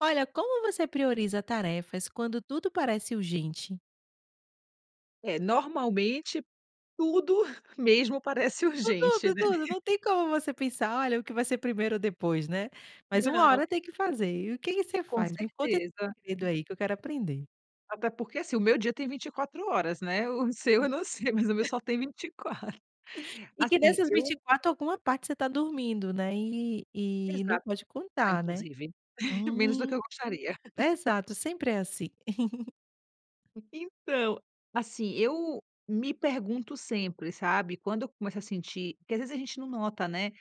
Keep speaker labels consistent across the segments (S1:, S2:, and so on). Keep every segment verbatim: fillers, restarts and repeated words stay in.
S1: Olha, como você prioriza tarefas quando tudo parece urgente?
S2: É normalmente tudo mesmo parece urgente,
S1: Tudo,
S2: né?
S1: tudo. Não tem como você pensar, olha, o que vai ser primeiro ou depois, né. Mas uma
S2: Não.
S1: hora tem que fazer. E o que que você
S2: Com
S1: faz? Me conta esse
S2: certeza.
S1: segredo aí que eu quero aprender.
S2: Até porque, assim, o meu dia tem vinte e quatro horas, né. O seu eu não sei, mas o meu só tem vinte e quatro.
S1: E que
S2: Assim
S1: nessas vinte e
S2: eu
S1: quatro alguma parte você tá dormindo, né? E e não
S2: Exato,
S1: pode contar, né?
S2: inclusive menos do que eu
S1: Hum,
S2: gostaria.
S1: exato. Sempre é assim.
S2: Então, assim, eu me pergunto sempre, sabe, quando eu começo a sentir que às vezes a gente não nota, né?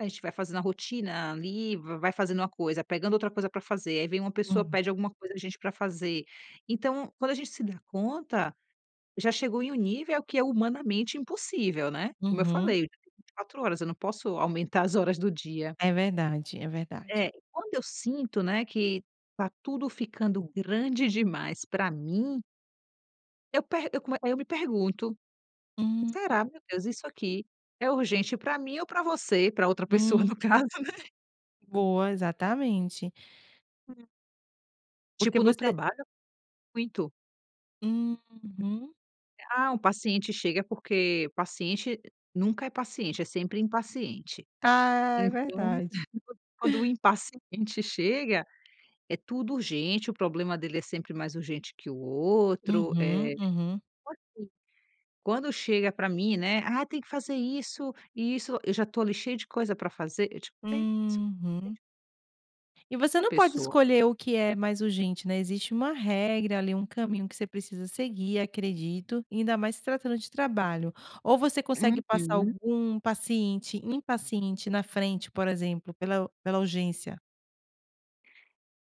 S2: A gente vai fazendo a rotina ali, va vai fazendo uma coisa, pegando outra coisa pra fazer aí vem uma pessoa,
S1: Hum.
S2: pede alguma coisa a gente pra fazer. Então, quando a gente se dá conta, já chegou em um nível que é humanamente impossível, né. Como eu
S1: Uhum.
S2: falei, o dia tem vinte e quatro horas, eu não posso aumentar as horas do dia.
S1: É verdade, é verdade.
S2: É. Quando eu sinto, né, que tá tudo ficando grande demais pra mim. Eu per eu come eu me pergunto.
S1: Hum.
S2: Será, meu Deus, isso aqui é urgente pra mim ou pra você, pra outra pessoa no
S1: Hum.
S2: caso, né?
S1: Boa, exatamente.
S2: Hum.
S1: Porque
S2: Tipo no
S1: você
S2: trabalho, muito.
S1: Uhum.
S2: Eh, ah, um paciente chega, porque o paciente nunca é paciente, é sempre impaciente.
S1: Ah, é
S2: Então,
S1: verdade.
S2: quando o impaciente chega, é tudo urgente, o problema dele é sempre mais urgente que o outro.
S1: Uhum,
S2: Eh,
S1: uhum.
S2: [unintelligible] quando chega pra mim, né, "Ah, tem que fazer isso e isso", eu já tô ali cheia de coisa pra fazer eu, tipo meio [unintelligible]
S1: Uhum. E você
S2: Essa
S1: não pode
S2: pessoa.
S1: escolher o que é mais urgente, né, existe uma regra ali, um caminho que você precisa seguir, acredito, ainda mais se tratando de trabalho. Ou você consegue passar
S2: Uhum.
S1: algum paciente impaciente na frente, por exemplo, pela pela urgência?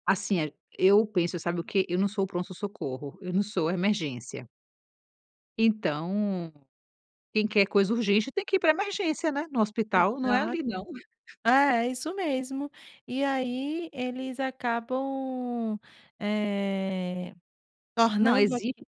S2: Assim é eu penso, sabe o quê? Eu não sou o pronto-socorro, eu não sou a emergência. Então, quem quer coisa urgente tem que ir pra emergência, né. No hospital não é ali,
S1: Exato.
S2: não.
S1: É é isso mesmo. E aí eles acabam, eh,
S2: Não,
S1: tornando
S2: exigir,
S1: aqui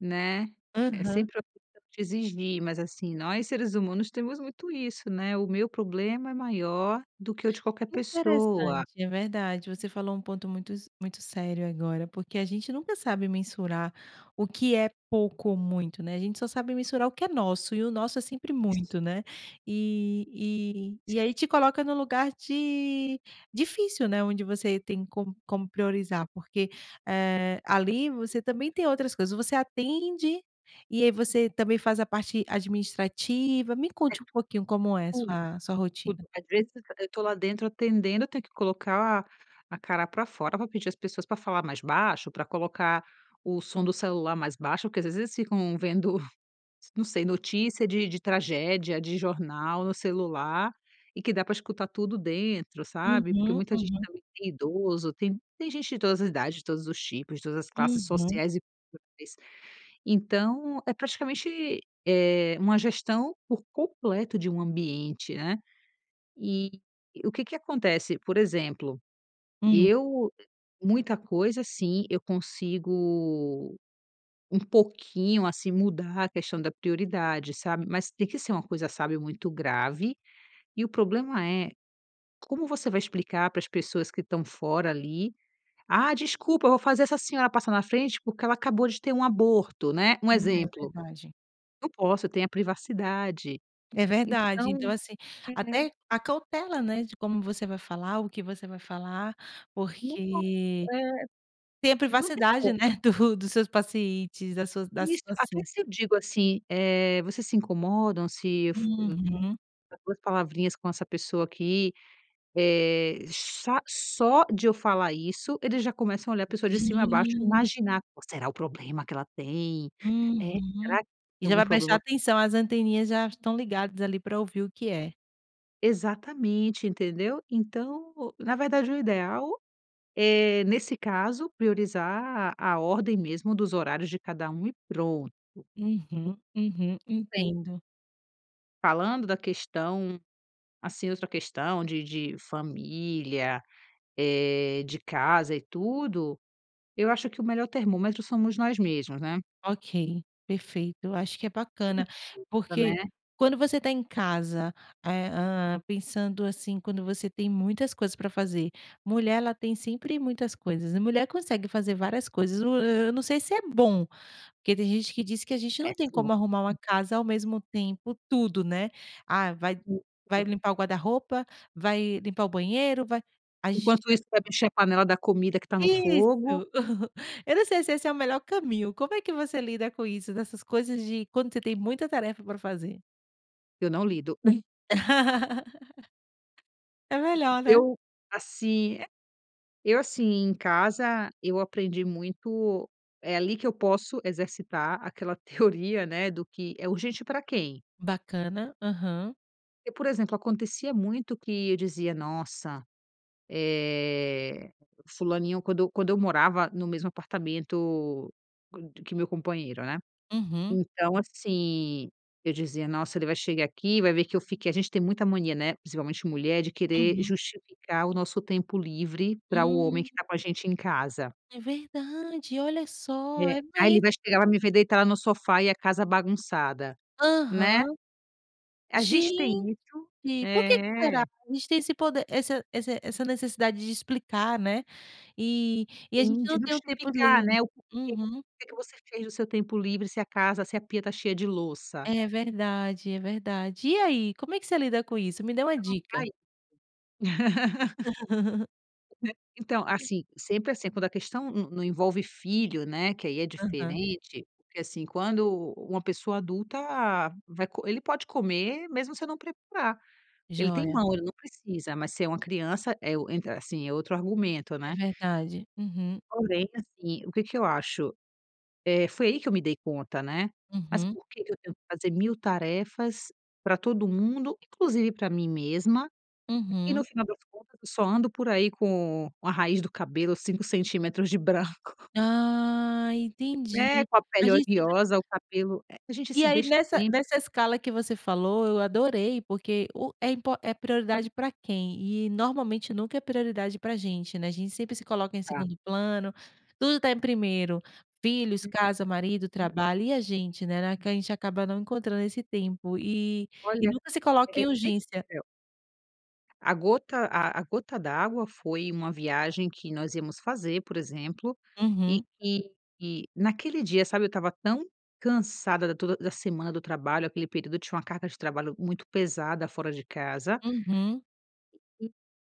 S2: né. É
S1: Aham.
S2: sempre a pessoa quer exigir, mas, assim, nós, seres humanos, temos muito isso, né, o meu problema é maior do que o de qualquer pessoa.
S1: Interessante, é verdade. Você falou um ponto muito s muito sério agora, porque a gente nunca sabe mensurar o que é pouco ou muito, né? A gente só sabe mensurar o que é nosso, e o nosso é sempre
S2: Isso.
S1: muito, né. E e e aí te coloca no lugar de difícil, né. Onde você tem com como priorizar, porque, eh, ali, você também tem outras coisas. Você atende, e aí você também faz a parte administrativa, me
S2: É
S1: conte
S2: tudo,
S1: um pouquinho como é
S2: tudo,
S1: sua sua
S2: tudo.
S1: rotina.
S2: Às vezes eu eu tô lá dentro atendendo eu tenho que colocar a cara pra fora pra pedir às pessoas pra falar mais baixo, pra colocar o som do celular mais baixo, porque às vezes eles ficam vendo, não sei, notícia de de tragédia de jornal no celular e que dá pra escutar tudo dentro, sabe, porque
S1: Uhum,
S2: muita gente
S1: uhum.
S2: também, tem idoso, tem tem gente de todas as idades, de todos os tipos, de todas as classes
S1: Uhum.
S2: sociais e possiveis, então é praticamente, eh, uma gestão por completo de um ambiente, né. E o que que acontece, por exemplo.
S1: Hum.
S2: Eu muita coisa, assim, eu consigo um pouquinho, assim, mudar a questão da prioridade, sabe, mas tem que ser uma coisa, sabe, muito grave. E o problema é como você vai explicar para as pessoas que estão fora ali. Ah, desculpa, eu vou fazer essa senhora passar na frente, porque ela acabou de ter um aborto, né? Um
S1: Hum, é
S2: exemplo.
S1: verdade.
S2: Não posso, tem a privacidade.
S1: É verdade. Então,
S2: Então
S1: assim,
S2: é
S1: até a cautela, né, de como você vai falar, o que você vai falar,
S2: Nem posso,
S1: porque
S2: eh,
S1: tem a
S2: não tem
S1: privacidade,
S2: como.
S1: né? Do dos seus pacientes da sua da
S2: Isso. Até
S1: situação.
S2: se eu digo, assim, eh, vocês se incomodam se eu
S1: Uhum.
S2: trocar duas palavrinhas com essa pessoa aqui, eh, sa só de eu falar isso eles já começam a olhar a pessoa de cima a baixo e
S1: Gen
S2: imaginar "Qual será o problema que ela tem eh,
S1: Uhum.
S2: será que
S1: E
S2: tem
S1: já
S2: algum
S1: vai prestar
S2: problema?".
S1: atenção, as anteninhas já estão ligadas ali pra ouvir o que é.
S2: Exatamente, entendeu? Então, na verdade, o ideal, eh, nesse caso, priorizar a a ordem mesmo dos horários de cada um e pronto.
S1: Uhum. Uhum.
S2: Entende?
S1: Entendo.
S2: Falando da questão, assim, outra questão de de família, eh, de casa e tudo. Eu acho que o melhor termômetro somos nós mesmos, né?
S1: Ok, perfeito. Eu acho que é
S2: E isso,
S1: bacana
S2: [unintelligible]
S1: porque,
S2: né?
S1: quando você está em casa, eh, ah, pensando assim, quando você tem muitas coisas para fazer. Mulher, ela tem sempre muitas coisas, a mulher consegue fazer várias coisas. Ah, eu não sei se é bom, porque tem gente que diz que a gente não tem
S2: Péssimo.
S1: como arrumar uma casa, ao mesmo tempo, tudo, né. Ah, vai vai
S2: Isso.
S1: limpar o guarda-roupa, vai limpar o banheiro, vai a gente
S2: Enquanto
S1: fica
S2: isso, vai mexer a panela da comida que está no
S1: Isso.
S2: fogo.
S1: Eu não sei se esse é o melhor caminho. Como é que você lida com isso, dessas coisas de quando você tem muita tarefa para fazer?
S2: Eu não lido.
S1: É melhor, né?
S2: Eu, assim é Eu assim, em casa, eu aprendi muito. É ali que eu posso exercitar aquela teoria, né. Do que é urgente para quem?
S1: Bacana, aham.
S2: E, por exemplo, acontecia muito, que eu dizia: "Nossa, eh, fulaninho". Quando eu quando eu morava no mesmo apartamento que meu companheiro, né.
S1: Uhum.
S2: Então assim, eu dizia: "Nossa, ele vai chegar aqui, vai ver que eu fiquei". A gente tem muita mania, né, principalmente mulher, de querer
S1: Uhum.
S2: justificar o nosso tempo livre, para o homem
S1: Hum.
S2: que está com a gente em casa.
S1: É verdade. Olha só,
S2: É.
S1: é
S2: "Ah, ele
S1: me
S2: vai chegar, vai me ver deitada no sofá, e a casa bagunçada", né.
S1: Aham.
S2: A gente tem
S1: Gente,
S2: isso
S1: por que que será?
S2: é.
S1: A gente tem esse poder, essa esse essa necessidade de explicar, né. E e, a gente
S2: Sim, de
S1: não tem o tempo
S2: justificar,
S1: livre
S2: né, o porquê.
S1: uhum.
S2: "Que que você fez no seu tempo livre, se a casa, se a pia está cheia de louça?".
S1: É verdade, é verdade. E aí, como é que você lida com isso? Me dê uma
S2: [unintelligible] vai.
S1: dica.
S2: Então, assim sempre assim, quando a questão não não envolve filho, né, que aí é
S1: Aham.
S2: diferente. Porque assim, quando u uma pessoa adulta vai co ele pode comer, mesmo se eu não preparar. Ele tem
S1: Joia.
S2: mão, ele não precisa. Mas se é uma criança, é o entra assim, é outro argumento,
S1: É
S2: né.
S1: verdade. Uhum.
S2: Porém, assim, o que que eu acho eh, foi aí que eu me dei conta, né. "Mas
S1: Uhum.
S2: por que que eu tenho que fazer mil tarefas para todo mundo, inclusive para mim mesma? E no
S1: Uhum.
S2: final das contas eu só ando por aí com a raiz do cabelo cinco centímetros de branco".
S1: Ah, entendi.
S2: É, com a
S1: A
S2: pele
S1: gente sempre é trat
S2: oleosa, o cabelo eh, a gente
S1: E
S2: se
S1: aí
S2: deixa
S1: nessa
S2: sempre.
S1: nessa escala que você falou, eu adorei, porque o é impor é prioridade para quem? E normalmente nunca é prioridade para a gente, né, a gente sempre se coloca em
S2: Tá.
S1: segundo plano. Tudo está em primeiro, filhos, casa, marido, trabalho. E a gente, né? Na que a gente acaba não encontrando esse tempo, e e
S2: Olha,
S1: nunca se coloca
S2: é
S1: em urgência.
S2: [unintelligible] A gota a a gota d'água foi uma viagem que nós íamos fazer, por exemplo, e
S1: Uhum.
S2: que naquele dia, sabe, eu estava tão cansada da toda da semana do trabalho, aquele período eu tinha uma carga de trabalho muito pesada, fora de casa.
S1: Uhum.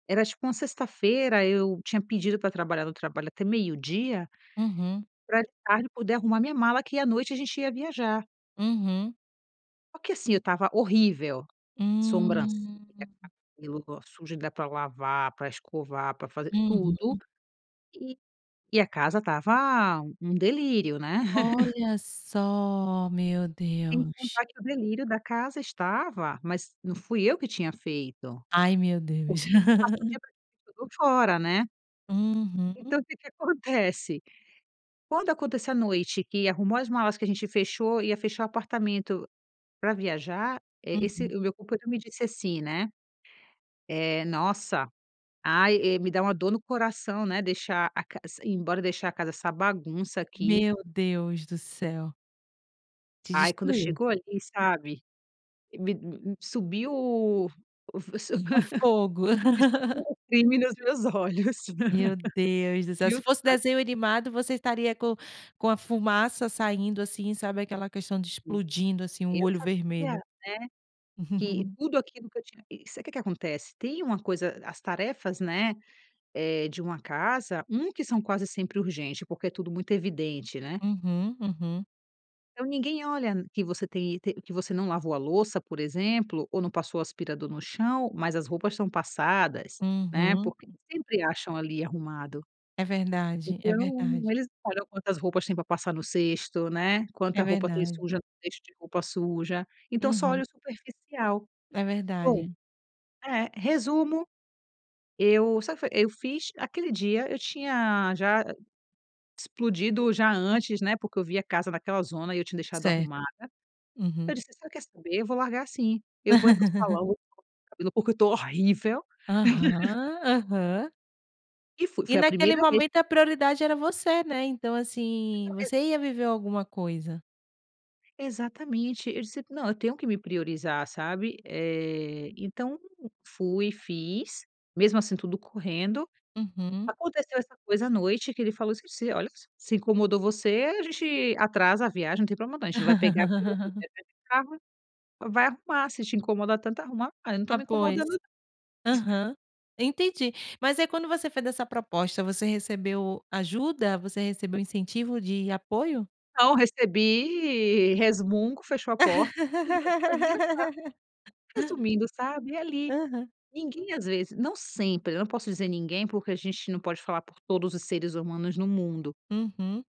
S2: Era tipo uma sexta-feira, eu tinha pedido para trabalhar no trabalho até meio-dia
S1: Uhum.
S2: para de tarde poder arrumar minha mala, que à noite a gente ia viajar.
S1: Uhum.
S2: Só que assim, eu estava horrível. Sobrancelha,
S1: Hum.
S2: cabelo sujo ainda pra lavar, para escovar, para fazer tudo.
S1: Uhum.
S2: E e a casa estava um delírio, né.
S1: Olha só, meu
S2: Sem
S1: Deus.
S2: contar que o delírio da casa estava, mas não fui eu que tinha feito.
S1: Ai meu
S2: Porque
S1: Deus.
S2: eu passo o dia praticamente todo fora, né.
S1: Uhum.
S2: Então, o que que acontece? Quando acontece a noite, que arrumou as malas, que a gente fechou, ia fechar o apartamento para viajar, eh, esse
S1: Uhum.
S2: o meu companheiro me disse assim, né: "Eh, nossa! Ai, eh, me dá uma dor no coração, né, deixar a cas s ir embora, deixar a casa essa bagunça aqui".
S1: Meu Deus do céu. Te
S2: Ai, quando
S1: destruiu.
S2: chegou ali, sabe me m m sum o ve se hã
S1: O fogo.
S2: me sumiu o brilho nos meus olhos.
S1: Meu Deus do céu. Se fosse desenho animado, você estaria com com a fumaça saindo assim, sabe aquela questão de
S2: Hum.
S1: explodindo assim um
S2: Eu
S1: olho
S2: sabia,
S1: vermelho.
S2: né. Que tudo aquilo que eu tinha que sabe que que acontece, tem uma coisa, as tarefas, né, eh, de uma casa. Um que são quase sempre urgente, porque tudo muito evidente, né.
S1: Uhum, uhum.
S2: Então ninguém olha que você tem te que você não lavou a louça, por exemplo, ou não passou o aspirador no chão, mas as roupas são passadas, né.
S1: Uhum.
S2: Porque sempre acham ali arrumado.
S1: É verdade, é
S2: Então,
S1: verdade.
S2: eles não olham quantas roupas tem para passar no cesto, né, quanta
S1: É
S2: roupa tem
S1: verdade.
S2: suja no cesto de roupa suja. Então só
S1: Uhum.
S2: olha o superficial.
S1: É
S2: Bom.
S1: verdade.
S2: É. Resumo, eu sa fe eu fiz aquele dia eu tinha já explodido já antes, né. Porque eu vi a casa naquela zona e eu tinha deixado
S1: Certo.
S2: arrumada.
S1: Uhum.
S2: Eu disse: "Você quer saber? Eu vou largar assim, eu vou é para o salão, eu vou arrumar meu cabelo porque eu estou horrível.".
S1: Aham, aham.
S2: E fu
S1: E
S2: foi a
S1: naquele
S2: primeira vez
S1: momento, a prioridade era você, né, então, assim,
S2: Não ex
S1: você ia viver alguma coisa.
S2: Exatamente. Eu disse: "Não, eu tenho que me priorizar", sabe, eh. Então fui, fiz, mesmo assim, tudo correndo.
S1: Uhum.
S2: Aconteceu essa coisa à noite que ele falou assim: "Se, olha, s se incomodou você, a gente atrasa a viagem, não tem problema não. A gente não vai pegar avião, vai viajar de carro, vai arrumar se te incomoda tanto arrumar. 'Ah, eu não estou
S1: Ah,
S2: me
S1: pois,
S2: incomodando não'."
S1: aham, entendi, mas aí, quando você fez essa proposta, você recebeu ajuda? Você recebeu incentivo de apoio?
S2: Não recebi resmungo, fechou a porta [unintelligible] Resumindo, sabe, ali,
S1: Aham.
S2: ninguém às vezes não sempre, eu não posso dizer ninguém, porque a gente não pode falar por todos os seres humanos no mundo.
S1: Uhum.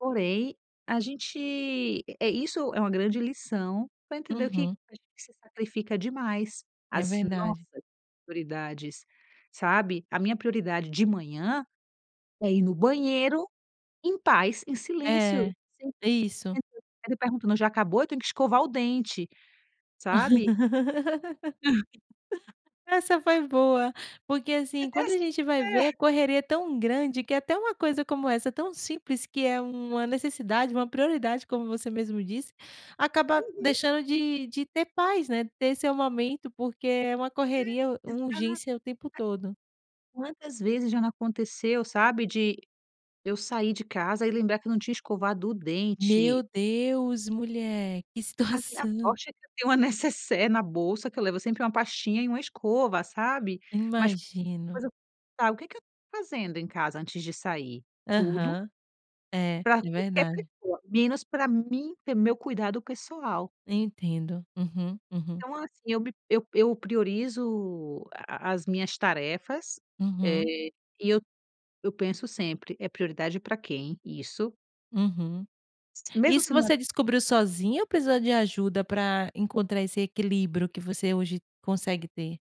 S2: Porém, a gente é, isso é uma grande lição para entender o que
S1: Uhum.
S2: a gente se sacrifica demais,
S1: É
S2: as
S1: verdade.
S2: nossas prioridades, sabe. A minha prioridade de manhã é ir no banheiro em paz, em silêncio,
S1: É, isso.
S2: [unintelligible] ficar me perguntando: já acabou? Eu tenho que escovar o dente, sabe.
S1: Essa foi boa, porque,
S2: É
S1: assim, quando a
S2: dessa
S1: gente vai ver
S2: É.
S1: a correria é tão grande que é até uma coisa como essa, tão simples, que é uma necessidade, uma prioridade, como você mesmo disse, acaba
S2: Uhum.
S1: deixando de de ter paz, né, de ter seu momento, porque é uma correria,
S2: É,
S1: uma
S2: exato
S1: urgência o tempo todo.
S2: Quantas vezes já não aconteceu sabe, de eu sair de casa e lembrar que eu não tinha escovado o dente.
S1: Meu Deus mulher, que
S2: A minha
S1: situação.
S2: sorte é que eu tenho uma necessaire na bolsa, que eu levo sempre uma pastinha e uma escova, sabe. Mas
S1: Imagino.
S2: [unintelligible] o que que eu estou fazendo em casa antes de sair? Tudo
S1: Aham, é,
S2: para
S1: de
S2: qualquer
S1: verdade.
S2: pessoa, menos para mim ter meu cuidado pessoal.
S1: Entendo. Uhum, uhum.
S2: Então, assim, eu me eu eu priorizo a as minhas tarefas, eh,
S1: Uhum.
S2: e eu eu penso sempre: "É prioridade para quem isso?"
S1: Uhum.
S2: Mesmo
S1: Isso
S2: se não é
S1: você descobriu sozinha ou precisou de ajuda pra encontrar esse equilíbrio que você hoje consegue ter?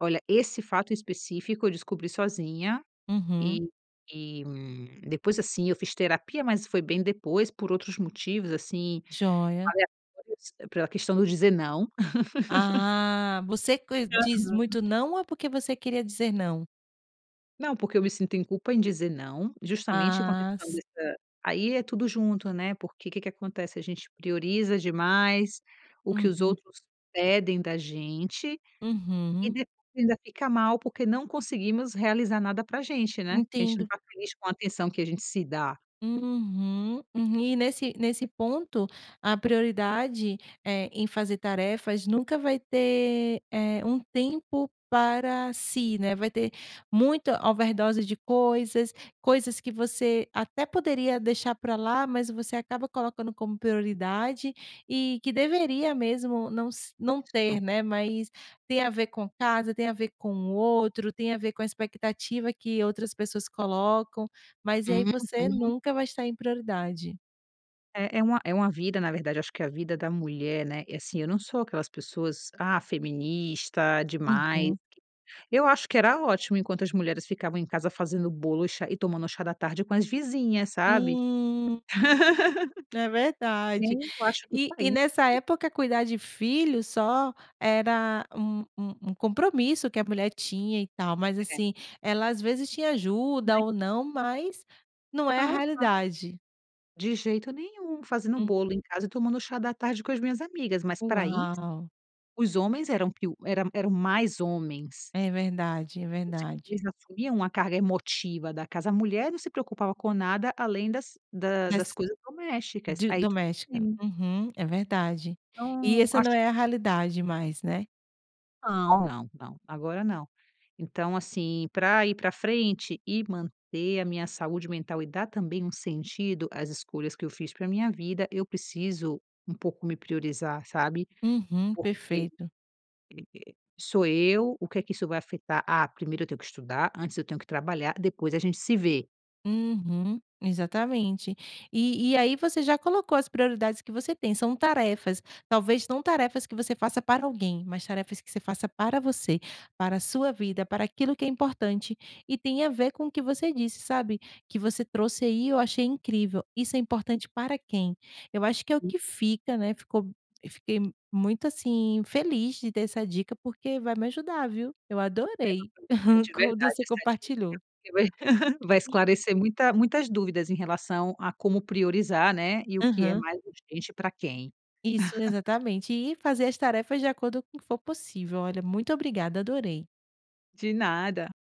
S2: Olha, esse fato específico, eu descobri sozinha
S1: Uhum.
S2: e e, hum, depois assim, eu fiz terapia, mas foi bem depois, por outros motivos, assim,
S1: Joia.
S2: aleatórios pela questão do dizer não.
S1: Ah. Você que diz
S2: Aham.
S1: muito não, ou é porque você queria dizer não?
S2: Não, porque eu me sinto em culpa em dizer não, justamente com a
S1: Ah,
S2: questão
S1: s
S2: dessa aí é tudo junto, né, porque que que acontece, a gente prioriza demais o que os
S1: Uhum.
S2: outros pedem da gente e
S1: Uhum.
S2: depois ainda fica mal, porque não conseguimos realizar nada para a gente, né, a gente não
S1: Entendo.
S2: tá feliz com a atenção que a gente se dá.
S1: Uhum, uhum. E nesse nesse ponto a prioridade, eh, em fazer tarefas, nunca vai ter, eh, um tempo para si, né, vai ter muita overdose de coisas, coisas que você até poderia deixar pra lá, mas você acaba colocando como prioridade e que deveria mesmo não s não
S2: Isso.
S1: ter, né, mas tem a ver com casa, tem a ver com o outro, tem a ver com a expectativa que outras pessoas colocam, mas e aí você
S2: Uhum.
S1: nunca vai estar em prioridade.
S2: É, é uma é uma vida, na verdade, acho que a vida da mulher, né, e assim eu não sou aquelas pessoas, ah, feminista demais, q
S1: Uhum.
S2: eu acho que era ótimo enquanto as mulheres ficavam em casa fazendo bolo e chá e tomando chá da tarde com as vizinhas, sabe.
S1: Hum. É verdade,
S2: Tempo, eu acho que
S1: e e nessa
S2: [unintelligible]
S1: época, cuidar de filhos só era um um um compromisso que a mulher tinha e tal, mas
S2: É.
S1: assim ela às vezes tinha ajuda
S2: Né.
S1: ou não, mas não é a
S2: Aham.
S1: realidade.
S2: De jeito nenhum, fazendo
S1: Hum.
S2: bolo em casa e tomando chá da tarde com as minhas amigas, mas pra isso,
S1: Uau!
S2: os homens eram, piu eram, eram mais homens.
S1: É verdade, é
S2: Você vê,
S1: verdade.
S2: eles assumiam uma carga emotiva da casa, a mulher não se preocupava com nada além das da das
S1: Nesse
S2: coisas domésticas,
S1: de
S2: aí tudo
S1: doméstica,
S2: bem.
S1: uhum, é verdade, e
S2: Então
S1: essa não
S2: acho
S1: é a realidade mais, né.
S2: Não, não, não, agora não. Então, assim, pra ir pra frente e manter a minha saúde mental e dar também um sentido às escolhas que eu fiz pra minha vida, eu preciso um pouco me priorizar, sabe,
S1: Uhum,
S2: porque, eh eh,
S1: perfeito.
S2: sou eu, o que é que isso vai afetar? Ah, primeiro eu tenho que estudar antes eu tenho que trabalhar, depois a gente se vê.
S1: Uhum, exatamente, e e aí você já colocou as prioridades que você tem, são tarefas, talvez não tarefas que você faça para alguém, mas tarefas que você faça para você, para a sua vida, para aquilo que é importante e tenha a ver com o que você disse, sabe, que você trouxe aí, eu achei incrível. "Isso é importante para quem?", eu acho que é o que fica, né, ficou fiquei muito assim, feliz de ter essa dica, porque vai me ajudar, viu. Eu
S2: Era
S1: adorei
S2: pra você de
S1: quando
S2: verdade,
S1: você
S2: essa
S1: compartilhou.
S2: dica, porque vai vai esclarecer muita, muitas dúvidas em relação a como priorizar, né, e o que é
S1: Aham.
S2: mais urgente pra quem.
S1: Isso, exatamente e fazer as tarefas de acordo com o que for possível, olha, muito obrigada, adorei.
S2: De nada.